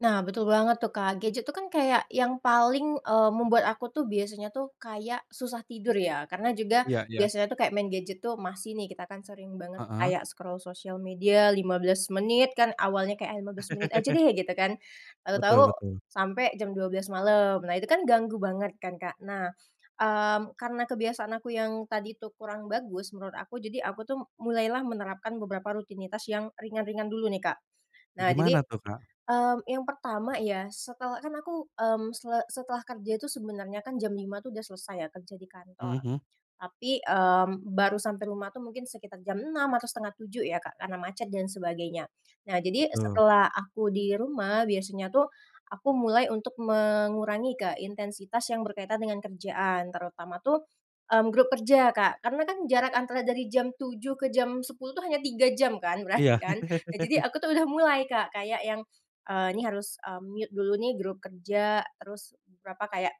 Nah betul banget tuh Kak, gadget tuh kan kayak yang paling, eee, membuat aku tuh biasanya tuh kayak susah tidur ya. Karena juga Iya iya. biasanya tuh kayak main gadget tuh masih nih, kita kan sering banget tuh Heeh. kayak scroll sosial media 15 menit kan awalnya kayak, ah 15 menit aja deh gitu kan, tahu-tahu Betul betul. sampai jam 12:00 malam. Nah itu kan ganggu banget kan Kak, nah, mmm, karena kebiasaan aku yang tadi itu kurang bagus menurut aku, jadi aku tuh mulailah menerapkan beberapa rutinitas yang ringan-ringan dulu nih, Kak. Nah Gimana jadi, tuh, Kak? mmm, yang pertama ya setel kan aku, mmm, se setelah kerja itu sebenarnya kan jam 05:00 tuh udah selesai ya kerja di Mhm kantor. mhm. Tapi, mmm, baru sampai rumah tuh mungkin sekitar jam 06:00 atau 06:30 ya Kak, karena macet dan sebagainya. Nah, jadi Betul. setelah aku di rumah, biasanya tuh aku mulai untuk mengurangi ke intensitas yang berkaitan dengan kerjaan. Terutama tuh, mmm, grup kerja Kak karena kan jarak antara dari jam 07:00 ke jam 10:00 tuh hanya 3 jam kan berarti Iya. kan. Nah, jadi aku tuh udah mulai Kak kayak yang, eee, ini harus, eee, mute dulu nih grup kerja, terus beberapa kayak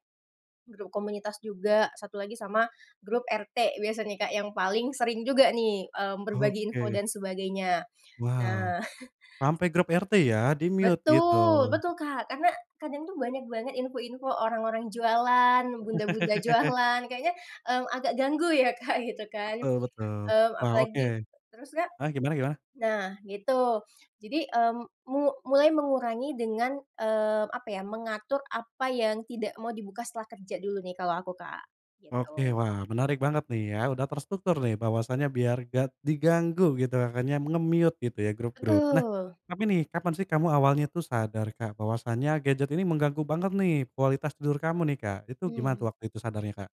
grup komunitas juga, 1 lagi sama grup RT biasanya Kak yang paling sering juga nih, mmm, berbagi info Oke. dan sebagainya. Wow, Nah sampai grup RT ya, di-mute gitu. Betul betul, Kak. Karena kadang tuh banyak banget info-info orang-orang jualan, bunda-bunda jualan, kayaknya, mmm, agak ganggu ya Kak gitu kan, Betul betul. mmm, Wow oke. apalagi terus Kak? Ah gimana gimana? Nah gitu jadi, mmm, mu mulai mengurangi dengan, eee, apa ya, mengatur apa yang tidak mau dibuka setelah kerja dulu nih kalau aku Kak, Oke, gitu. wah menarik banget nih ya, udah terstruktur nih. Bahwasannya biar nggak diganggu gitu, makanya nge-mute gitu ya grup-grup. Nah, Betul. tapi nih, kapan sih kamu awalnya tuh sadar Kak, bahwasanya gadget ini mengganggu banget nih, kualitas tidur kamu nih Kak. Itu gimana Hmm. tuh waktu itu sadarnya Kak?